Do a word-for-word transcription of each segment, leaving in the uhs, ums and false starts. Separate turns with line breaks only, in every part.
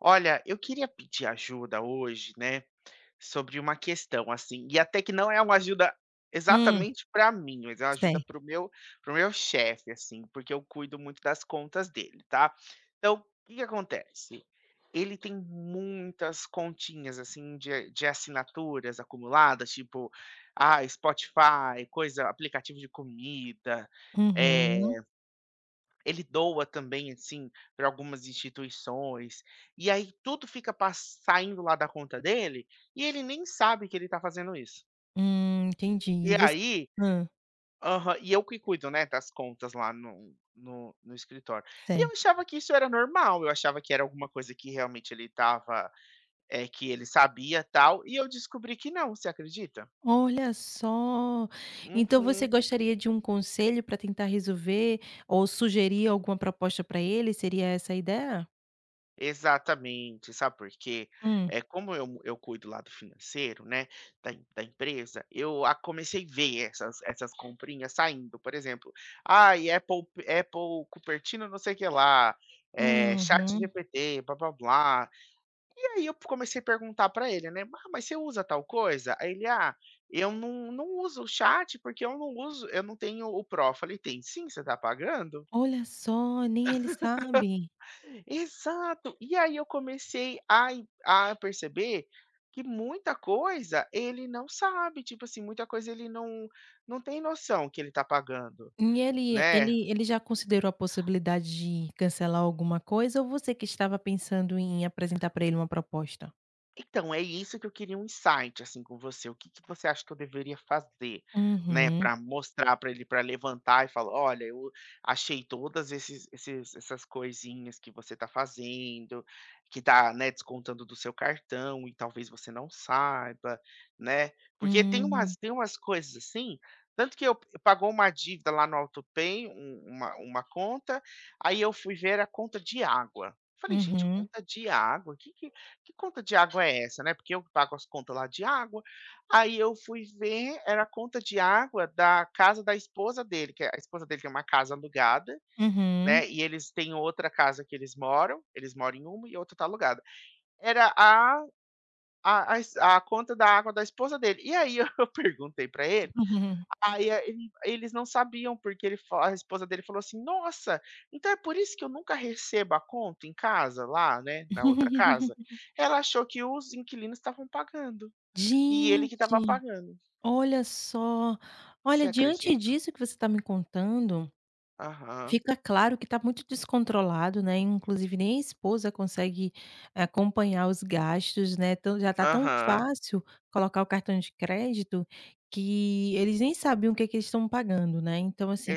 Olha, eu queria pedir ajuda hoje, né, sobre uma questão, assim, e até que não é uma ajuda
Hum.
exatamente pra mim, mas é uma ajuda para
Certo.
o meu para o meu chefe, assim, porque eu cuido muito das contas dele, tá, então que que acontece? Ele tem muitas continhas, assim, de de assinaturas acumuladas, tipo, ah, Spotify, coisa aplicativo de comida, eh,
Uhum.
ele doa também, assim, pra algumas instituições, e aí tudo fica pas saindo lá da conta dele, e ele nem sabe que ele tá fazendo isso
Hum, entendi
E
e vo
aí
hã.
Aham. E eu que cuido, né, das contas lá no no no escritório. E eu
Certo.
achava que isso era normal, eu achava que era alguma coisa que realmente ele estava, eh, que ele sabia, tal, e eu descobri que não, você acredita?
Olha só. Então você
Uhum.
gostaria de um conselho pra tentar resolver ou sugerir alguma proposta pra ele, seria essa a ideia?
Exatamente, sabe porque?
Hum.
Eh, como eu eu cuido lá do financeiro, né, da emp da empresa, eu a comecei ver essas essas comprinhas saindo, por exemplo, ai, Apple Apple, Cupertino, não sei o que lá, eh,
Uhum.
ChatGPT blá blá blá. E aí eu comecei a perguntar pra ele, né: "Ah, mas você usa tal coisa?", aí ele: "Ah, eu não não uso o chat, porque eu não uso eu não tenho o pro". Eu falei: "Tem sim, você está pagando".
Olha só! Nem ele sabe.
Exato. E aí eu comecei a a perceber que muita coisa ele não sabe, tipo assim, muita coisa ele não-não tem noção que ele tá pagando,
E ele
né.
ele ele já considerou a possibilidade de cancelar alguma coisa ou você que estava pensando em apresentar pra ele uma proposta?
Então é isso que eu queria um insight assim com você. O que que você acha que eu deveria fazer, né.
Uhum.
Para mostrar pra ele, para levantar e falar: "Olha, eu achei todas esses esses essas coisinhas que você está fazendo, que está, né, descontando do seu cartão e talvez você não saiba", né. Porque tem umas
Hum.
tem umas coisas assim, tanto que eu p pagou uma dívida lá no autopay, um uma uma conta. Aí eu fui ver, era conta de água. Falei: "Gente,
Uhum.
conta de água? Que que que conta de água é essa, né?". Porque eu que pago as contas lá de água. Aí eu fui ver, era a conta de água da casa da esposa dele, que é a esposa dele tem uma casa alugada,
Uhum.
né. E eles têm outra casa que eles moram. Eles moram em uma, e a outra está alugada. Era a a as a conta da água da esposa dele. E aí eu eu perguntei pra ele.
Uhum.
Aí ele, eles não sabiam porque ele fa a esposa dele falou assim: "Nossa, então é por isso que eu nunca recebo a conta em casa lá, né. Na outra casa", ela achou que os inquilinos estavam pagando e ele que estava
Gente,
pagando.
olha só, olha
Você
diante
acredita?
disso que você está me contando.
Aham.
Fica claro que está muito descontrolado, né. Inclusive nem a esposa consegue acompanhar os gastos, né. Tão já está tão
Aham.
fácil colocar o cartão de crédito que, eles nem sabiam o que que eles estão pagando, né. Então, assim,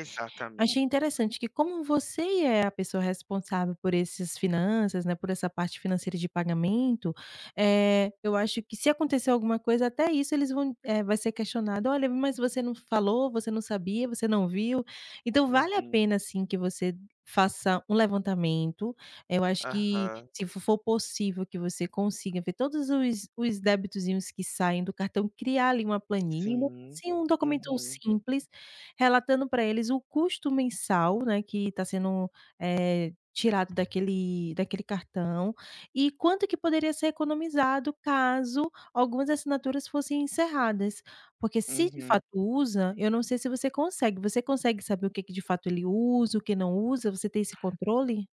achei interessante que como você e é a pessoa responsável por esses finanças, né, por essa parte financeira de pagamento. Eh, eu acho que se acontecer alguma coisa, até isso eles vão, eh, vai ser questionado. Olha, mas você não falou? Você não sabia? Você não viu? Então vale a
Uhum.
pena sim que você faça um levantamento. Eu acho que
Aham.
se fo for possível que você consiga ver todos os os debitozinhos que saem do cartão, criar ali uma planilha,
Sim,
assim, um documento
uhum.
simples. Relatando para eles, o custo mensal, né, que está sendo, eh, tirado daquele daquele cartão, e quanto que poderia ser economizado caso algumas assinaturas fossem encerradas. Porque se de
Uhum.
fato usa, eu não sei se você consegue. Você consegue saber o que que de fato ele usa o que não usa? Você tem esse controle?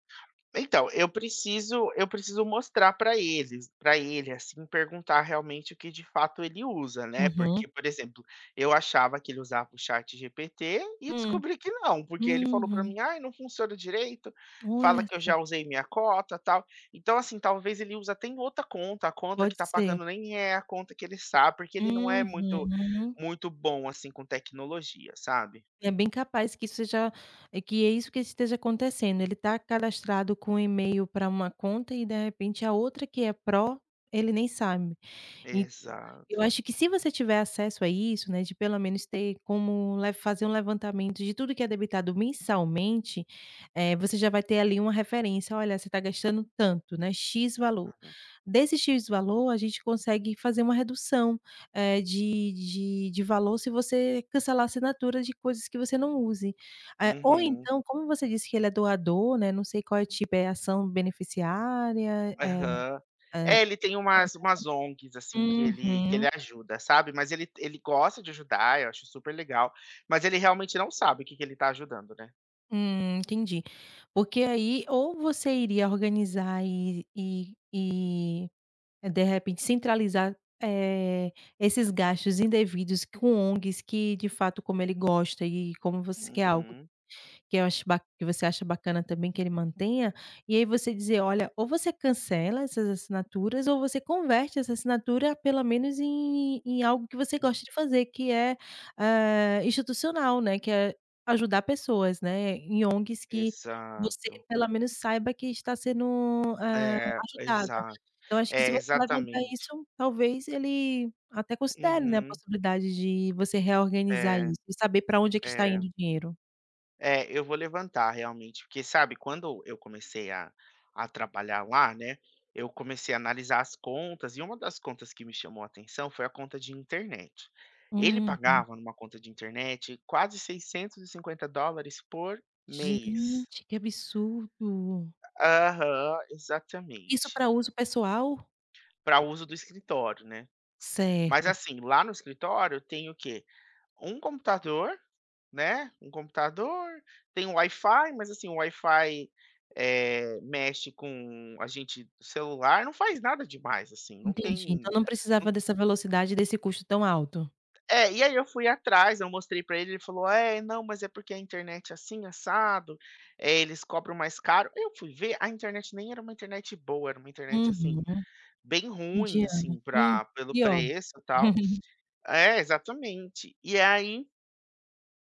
Então eu preciso eu preciso mostrar para eles para ele, assim, perguntar realmente o que de fato ele usa, né. Porque,
Uhum.
por exemplo, eu achava que ele usava o chat GPT e
Hum,
descobri que não, porque ele falou pra
uhum.
mim: "Aí, não funciona direito, fala
Olha
que eu já
só.
usei minha cota tal". Então assim, talvez ele usa até em outra conta, a conta que
Pode
está
ser.
pagando nem é a conta que ele sabe, porque ele não é muito
Uhum.
muito bom assim, com tecnologia, sabe.
É bem capaz que seja, é que é isso que esteja acontecendo. Ele está cadastrado com o e-mail pra uma conta e de repente, a outra que é pró, ele nem sabe. E [unintelligible] eu
Exato.
acho que se você tiver acesso a isso, né, de pelo menos ter como le fazer um levantamento de tudo que é debitado mensalmente, eh, você já vai ter ali uma referência. "Olha, você está gastando tanto, né. "X" valor,
Uhum.
desse "X" valor, a gente consegue fazer uma redução, eh, de de de valor. Se você cancelar a assinatura de coisas que você não use", eh, ou
Uhum.
então, como você disse que ele é doador, né. Não sei qual é o tipo, é ação beneficiária? Eh,
Aham,
eh.
é, ele tem umas umas ONGs assim que ele que
[unintelligible]
ele
Uhum.
ajuda, sabe. Mas ele, ele gosta de ajudar, eu acho super legal, mas ele realmente não sabe o que que ele está ajudando, né.
Hum, entendi, porque, aí, ou você iria organizar e e e é, de repente, centralizar, eh, esses gastos indevidos com ONGs que de fato, como ele gosta, eh, como você quer algo
Uhum.
que eu acho ba que você acha bacana também que ele mantenha, e aí, você dizer: "Olha, ou você cancela essas assinaturas ou você converte essa assinatura pelo menos em em algo que você
Hum.
gosta de fazer, que é, hã, institucional, né, que é ajudar pessoas, né, em ONGs que você
Exato.
pelo menos saiba que está sendo, eh,
É,
ajudada".
exato,
Então, eu acho que se
é
você levantar
exatamente.
isso, talvez, ele até considere, né, a
Uhum.
possibilidade de você reorganizar
É.
isso e saber pra onde é que está indo
É.
o dinheiro.
É, eu vou levantar realmente porque sabe quando eu comecei a a trabalhar lá, né, eu comecei a analisar as contas e uma das contas que me chamou a atenção foi a conta de internet, ele
Uhum.
pagava numa conta de internet quase seiscentos e cinquenta dólares por mês.
Gente, que absurdo.
Aham,
Isso
exatamente.
pra uso pessoal?
Pra uso do escritório, né. Mas,
Certo.
assim, lá no escritório tem o quê, um computador, né, um computador, tem Wi-Fi, mas assim o Wi-Fi, eh, mexe com a gente celular, não faz nada demais, assim, não
Entendi, então,
tem,
não
não
precisava dessa velocidade e desse custo tão alto?
É, e aí, eu fui atrás, eu mostrei pra ele, ele falou: "É, não, mas é porque a internet é assim assado, eh, eles cobram mais caro". Eu fui ver a internet, nem era uma internet boa, era uma internet, assim,
Uhum,
bem ruim,
mediana,
assim,
hum
pra pelo
pior.
preço e tal É, exatamente, e aí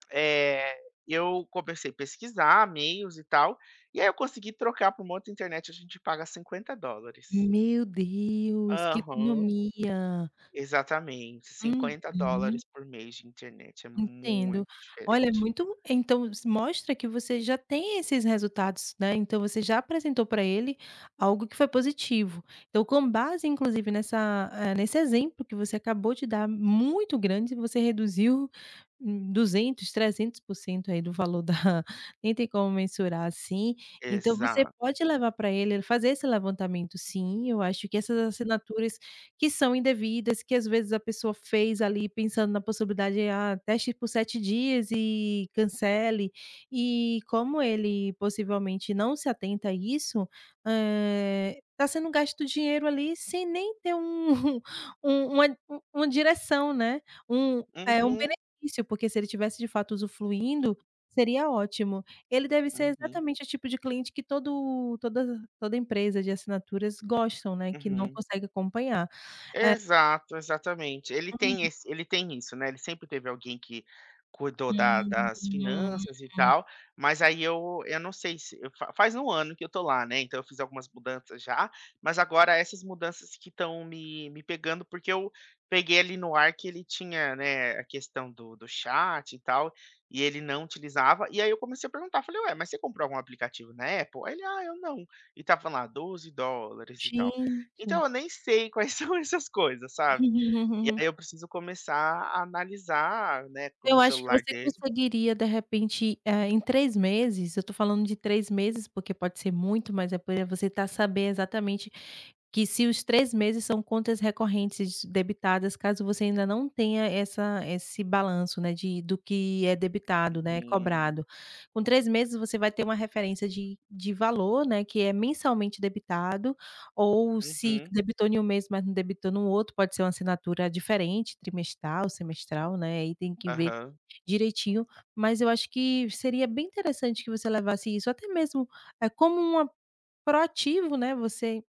Eh, eu comecei pesquisar meios e tal. E aí eu consegui trocar por uma outra internet. A gente paga cinquenta dólares.
Meu Deus, que
Aham.
economia.
Exatamente cinquenta
Uhum.
dólares, por mês de internet, é
Entendo.
muito
Olha, é
diferente.
muito então s mostra que você já tem esses resultados, né. Então você já apresentou para ele algo que foi positivo. Então, com base, inclusive nessa, eh, nesse exemplo que você acabou de dar, muito grande, você reduziu m duzentos, trezentos por cento aí do valor da, nem tem como mensurar assim. Então você
Exato.
pode levar para ele fazer esse levantamento, sim. Eu acho que essas assinaturas que são indevidas, que às vezes a pessoa fez ali pensando na possibilidade, ah, teste por sete dias e cancele. E, como ele possivelmente não se atenta a isso, eh, está sendo gasto o dinheiro ali, sem nem ter um um uma uma direção, né. Um eh, um
Uhum.
benefício, porque se ele tivesse de fato usufluindo, seria ótimo. Ele deve ser
Uhum.
exatamente o tipo de cliente que todo todas toda empresa de assinaturas gostam, né. Que não
Uhum.
consegue acompanhar, eh
Exato, exatamente. Ele tem
Uhum.
esse ele tem isso, né. Ele sempre teve alguém que cuidou da
Hum.
das finanças e
[unintelligible]
tal. Mas aí eu eu não sei se eu fa faz um ano que eu estou lá, né. Então eu fiz algumas mudanças já, mas agora essas mudanças que estão me me pegando. Porque eu peguei ali no ar que ele tinha, né, a questão do do chat e tal, e ele não utilizava, e aí eu comecei a perguntar, eu falei: "Ué, mas você comprou algum aplicativo na Apple?" Aí ele: "Ah, eu não," e estava lá doze dólares e tal.
Sim,
Então
sim.
eu nem sei quais são essas coisas, sabe. E aí eu preciso começar a analisar, né, co no
Eu acho que
celular
você
dele.
conseguiria, de repente, eh, em três meses. Eu estou falando de três meses, porque pode ser muito, mas é porque você está a saber exatamente que se os três meses são contas recorrentes debitadas, caso você ainda não tenha essa esse balanço, né. De do que é debitado, né, é
Uhum.
cobrado. Com três meses, você vai ter uma referência de de valor, né, que é mensalmente debitado ou se
Uhum.
debitou em um mês, mas não debitou no outro. Pode ser uma assinatura diferente, trimestral, semestral, né. Aí tem que ver
Aham.
direitinho, mas eu acho que seria bem interessante que você levasse isso até mesmo é como uma proativo, né. Você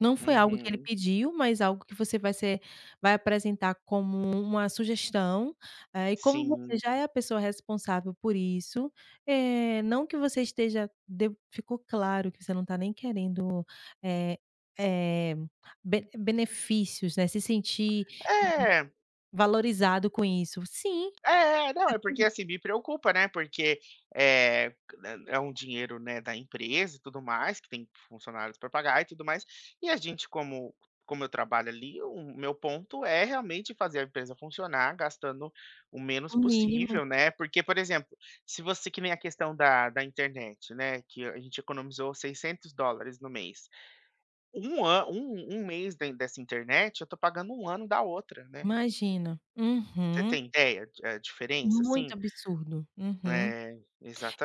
não foi algo que ele
Uhum.
pediu, mas algo que você vai ser vai apresentar como uma sugestão, eh, e como você
Sim.
já é a pessoa responsável por isso, eh, não que você esteja de ficou claro que você não está nem querendo, eh eh, be benefícios, né. Se sentir
Eh.
[unintelligible] valorizado com isso, sim.
Eh, não é porque
[unintelligible]
assim me preocupa, né. Porque eh, m é um dinheiro, né, da empresa e tudo mais que tem funcionários para pagar e tudo mais. E a gente como como eu trabalho ali, o meu ponto é realmente fazer a empresa funcionar gastando o menos
O mínimo.
possível, né. Porque, por exemplo, se você que nem a questão da da internet, né. Que a gente economizou seiscentos dólares no mês, um an um um mês da dessa internet, eu estou pagando um ano da outra, né.
Imagina,
Você
uhum.
tem ideia de a diferença,
Muito
assim?
absurdo, uhum.
É,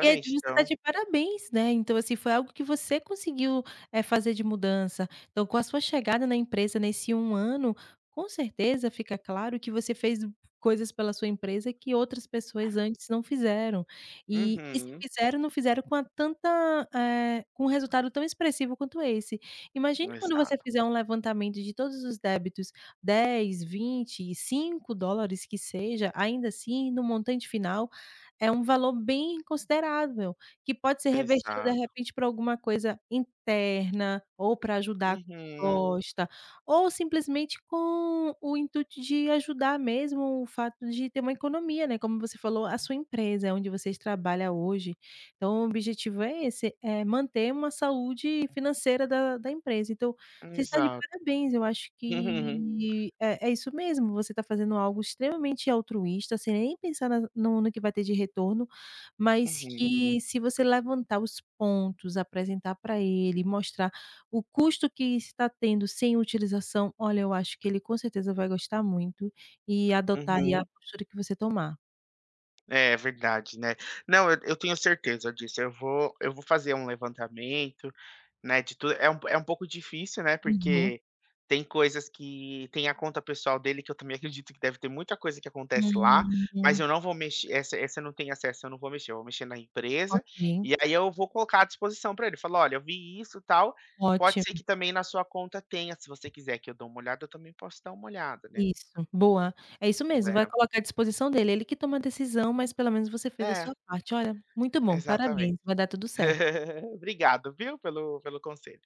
É justo, está
então.
de parabéns, né. Então, assim foi algo que você conseguiu, eh, fazer de mudança. Então, com a sua chegada na empresa nesse um ano, com certeza fica claro que você fez coisas pela sua empresa que outras pessoas antes não fizeram e, e se
Uhum.
fizeram, não fizeram com a tanta, eh, com um resultado tão expressivo quanto esse. Imagine quando você
Exato.
fizer um levantamento de todos os débitos, dez, vinte, cinco dólares que seja, ainda assim no montante final, é um valor bem considerável, que pode ser revertido de
Exato.
repente para alguma coisa interna ou para ajudar
Uhum.
gosta ou simplesmente com o intuito de ajudar mesmo o fato de ter uma economia, né. Como você falou, a sua empresa, é onde vocês trabalha hoje. Então o objetivo é esse, é manter uma saúde financeira da da empresa. Então, você está de
Exato.
parabéns. Eu acho que é é isso mesmo. Você está fazendo algo extremamente altruísta, sem nem pensar na no no que vai ter de retorno, mas
Uhum.
que se você levantar os pontos, apresentar para ele, mostrar o custo que está tendo sem utilização. Olha, eu acho que ele com certeza vai gostar muito e adotar e a
Uhum.
postura que você tomar.
É verdade, né. Não, eu eu tenho certeza disso. Eu vou eu vou fazer um levantamento, né, de tudo, é um é um pouco difícil, né.
Uhum.
Porque tem coisas que tem a conta pessoal dele, que eu também acredito que deve ter muita coisa que acontece lá, mas
Uhum.
eu não vou mex essa essa não tem acesso, eu não vou mexer, eu vou mexer na empresa,
Ok.
e aí eu vou colocar à disposição para ele falar: "Olha, eu vi isso, tal. Pode ser
Ótimo.
que também na sua conta tenha, se você quiser que eu dou uma olhada, eu também posso dar uma olhada," né.
Isso boa, é isso mesmo. Vai
É.
colocar à disposição dele. Ele que toma a decisão, mas pelo menos você fez a
É.
sua parte. Olha, muito bom.
Exatamente.
Parabéns, vai dar tudo certo.
Obrigado, viu pelo pelo conselho.